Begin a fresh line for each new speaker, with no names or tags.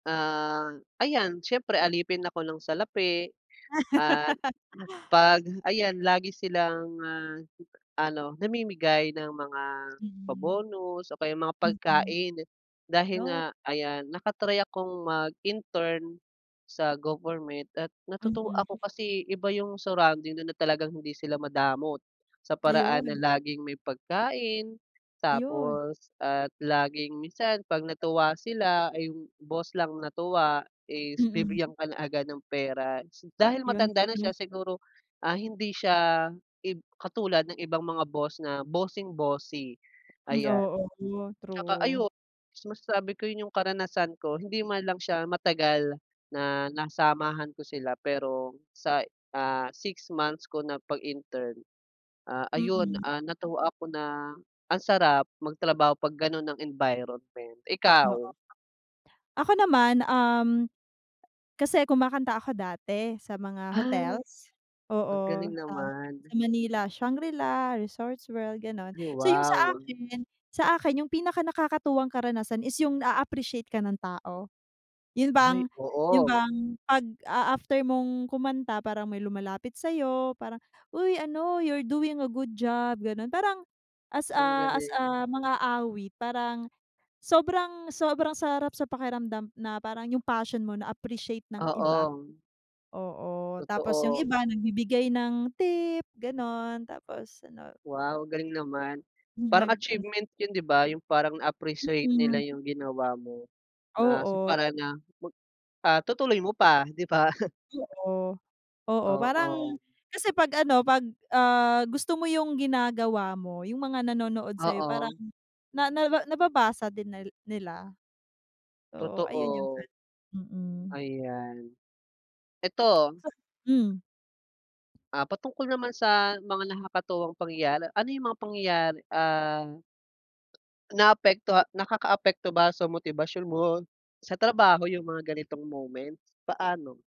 Ah, ayan, siyempre alipin ako ng salapi, at 'pag ayan, lagi silang, ah, ano, namimigay ng mga
Hmm.
pa-bonus, o kaya mga
Mm,
pagkain, dahil
yo
nga ayan, naka-try akong mag-intern, sa government, at natutuwa
Mhm.
ako kasi, iba yung surrounding do'n na talagang hindi sila madamot, sa paraan na
Ayun.
laging may pagkain,
Ayun.
tapos at laging minsan 'pag natuwa sila, ay, yung boss lang natuwa, is
Mm.
bibigyan ka na agad ng pera s Dahil
'Yon,
matanda na
gulo.
siya siguro, ah, hindi siya, ib katulad ng ibang mga boss na, bossing-bossy,
Hmm,
ayan.
oo 'no,
Tsaka
true.
ayun, masasabi ko 'yon yung karanasan ko, hindi man lang siya matagal, na nasamahan ko sila pero, sa, ah, 6 months ko na pag-intern, ah, ayun,
Mm.
ah, natuwa ako na, ang sarap, magtrabaho 'pag gano'n ang environment. Ikaw?
Oo. Ako naman, um, kasi kumakanta ako dati, sa mga
Ah,
hotels,
ang
oo,
galing
sa sa
naman.
Manila, Shangri-La, Resorts World, gano'n.
Ay,
So, yung sa
wow.
akin, sa akin yung pinakanakakatuwang karanasan is yung, naa-appreciate ka ng tao. 'Yon bang,
Ay,
'yon
oo.
bang, 'pag, ah, after mong kumanta, parang may lumalapit sa'yo, parang, "Uy, ano, you're doing a good job", gano'n. Parang as
Ang
a, as
galing.
a, mang-aawit, parang sobrang, sobrang sarap sa pakiramdam, na parang yung passion mo, na-appreciate ng iba.
Oo.
Oo, tapos yung
Totoo, ah
iba, nagbibigay ng tip, gano'n, tapos ano
Wow! Galing naman.
Hmm,
Parang
nag ano
achievement 'yon, 'di ba? Yung parang na-appreciate nila
Mm.
yung ginawa mo, na sa
Oo.
paraan na, mag, ah, tutuloy mo pa, 'di ba?
Oo, oo, parang
Oo.
kasi 'pag ano, 'pag, ah, gusto mo yung ginagawa mo, yung mga nanonood sa'yo, parang
Oo.
na, naba nababasa din nal nila. So, ayun, yung
Totoo,
ano, mm.
ayan. Ito
So hmm?
ah, patungkol naman sa, mga nakakatuwang pangyayari, ano yung mga pangyayari, ah naapektoha nakakaapekto ba sa motibasyon mo, sa trabaho yung mga ganitong moments? Paano?